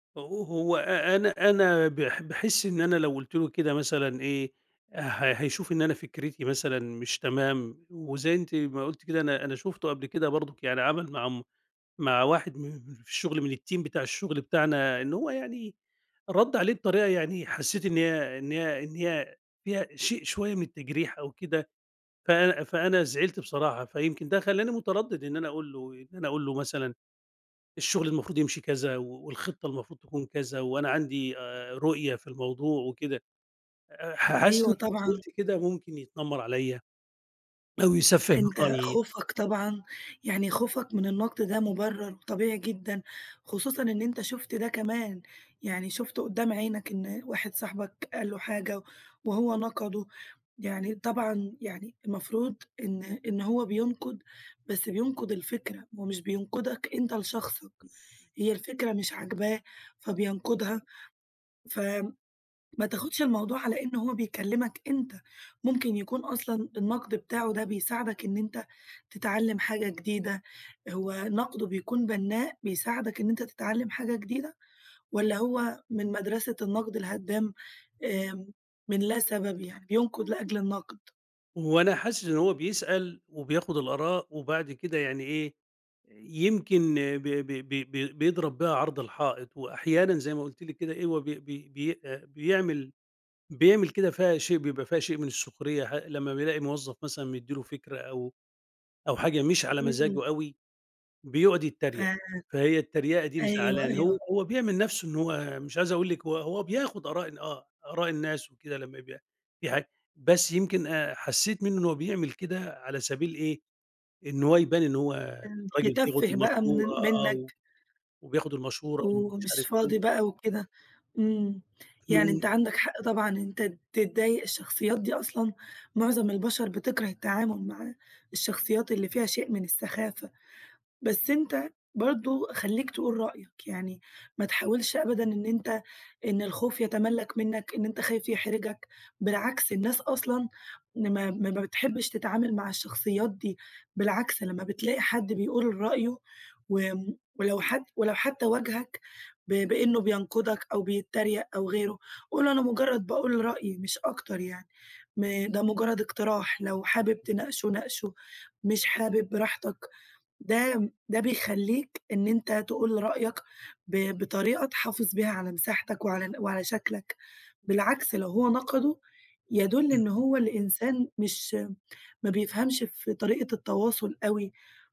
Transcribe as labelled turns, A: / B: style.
A: أو هو أ أنا أنا باح باحس إن أنا لو قلت له كده مثلًا إيه، ه هيشوف إن أنا فكرتي مثلًا مش تمام، وزي أنتِ ما قلتِ كده أنا أنا شُفته قبل كده برضه يعني عمل مع عم مع واحد من من اللي في الشغل من الTeam بتاع الشغل بتاعنا إنه هو يعني ردّ عليه بطريقة يعني حسيت إن هي إن هي إن هي فيها شيء شوية من التجريح أو كده ف فأنا زعلت بصراحة، فيمكن ده خلاني متردِّد إن أنا أقول له إن أنا أقول له مثلًا الشغل المفروض يمشي كذا و والخطة المفروض تكون كذا وأنا عندي آآ، رؤية في الموضوع وكده، أ ح حاسس إن
B: أيوه،
A: لو
B: طبعًا.
A: فضلت كده ممكن يتنمّر عليَّ أو يسفِّه من
B: أنت
A: رأيي.
B: خوفك طبعًا يعني خوفك من النقد ده مبرّر طبيعي جدًا، خصوصًا إن أنت شُفت ده كمان، يعني شُفته قدّام عينك إن واحد صاحبك قال له حاجة وهو نقَدُه، يعني طبعًا يعني المفروض إن إن هو بينقد بس بينقد الفكرة هو مش بينقدك أنت لشخصك، هي الفكرة مش عاجباه فبينقدها ف ما تاخدش الموضوع على إن هو بيكلمك أنت، ممكن يكون أصلًا النقد بتاعُه ده بيساعدك إن أنت تتعلم حاجة جديدة، هو نقدُه بيكون بنّاء بيساعدك إن أنت تتعلم حاجة جديدة، والَّا هو من مدرسة النقد الهدام، امم، من لا سبب، يعني بينقد لأجل النقد؟
A: هو أنا حاسس إن هو بيسأل وبياخد الآراء، وبعد كده يعني إيه، يمكن ب ب ب ب بيضرب بيها عرض الحائط، وأحيانًا زي ما قلتِ لِك كده إيه، هو بي بي بي آآ، بيعمل بيعمل كده فيها شيء بيبقى فيها شئ من السخرية ح لمّا بيلاقي موظف مثلًا مدِّي له فكرة أو أو حاجة مش على
B: امم.
A: مزاجه أوي، بيقعد
B: ف
A: يتريّق، فهي التريقة دي
B: أيوه،
A: مزعلاني، هو
B: أيوه.
A: هو بيعمل نفسُه إن هو مش عايز أقول لِك هو هو بياخذ آراء ال آه، آراء الناس وكده لمّا بي دي حاجة بس يمكن أ حسيت منه إن هو بيعمل كده على سبيل إيه، إن هو يبان إن هو
B: امم،
A: راجل بياخد
B: يتفِّه بقى من
A: بالمشورة،
B: ال
A: آه، و
B: منك
A: وبياخد المشورة ومش
B: ومش
A: عارف
B: فاضي
A: إيه.
B: بقى وكده، امم، يعني
A: امم.
B: أنت عندك حق طبعًا إن أنت تتضايق، الشخصيات دي أصلًا معظم البشر بتكره التعامل معاه، الشخصيات اللي فيها شيء من السخافة، بس أنت برضه خليك تقول رأيك، يعني ما تحاولش أبدًا إن أنت إن الخوف يتملّك منك، إن أنت خايف يحرجك، بالعكس الناس أصلًا إن ما ما ما بتحبش تتعامل مع الشخصيات دي، بالعكس لمّا بتلاقي حد بيقول رأيُه و ولو حد ولو حتى واجهك ب بإنه بينقدك أو بيتريّق أو غيرُه، قُل له أنا مجرّد باقول رأيي مش أكتر يعني، م ده مجرد اقتراح، لو حابب تناقشُه ناقشُه، مش حابب براحتك، ده ده بيخليك إن أنت تقول رأيك ب بطريقة تحافظ بيها على مساحتك وعلى وعلى شكلك، بالعكس لو هو نقدُه، يدُلّ إن
A: امم.
B: هو اللي إنسان مش ما بيفهمش في طريقة التواصل أوي.